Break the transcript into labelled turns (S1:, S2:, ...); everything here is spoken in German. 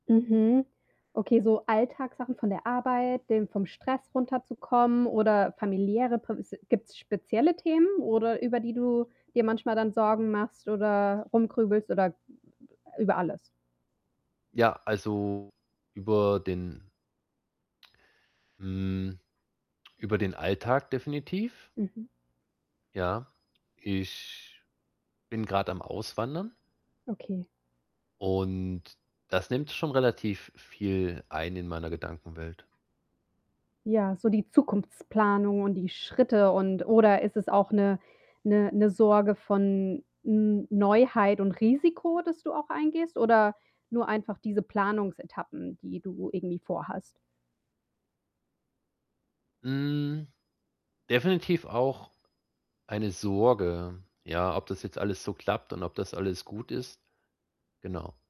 S1: Mhm. Okay, so Alltagssachen von der Arbeit, dem vom Stress runterzukommen oder familiäre [unintelligible] gibt's spezielle Themen, oder über die du dir manchmal dann Sorgen machst oder rumgrübelst oder m m b über alles?
S2: Ja, also über den, hm über den Alltag definitiv
S1: Mhm.
S2: ja. Ich bin grad am Auswandern
S1: Okay.
S2: und das nimmt schon relativ viel ein in meiner Gedankenwelt.
S1: Ja, so die Zukunftsplanung und die Schritte und oder ist es auch 'ne 'ne 'ne Sorge von N Neuheit und Risiko, das du auch eingehst oder nur einfach diese Planungsetappen, die du irgendwie vorhast?
S2: Hm, definitiv auch eine Sorge, ja, ob das jetzt alles so klappt und ob das alles gut ist, genau.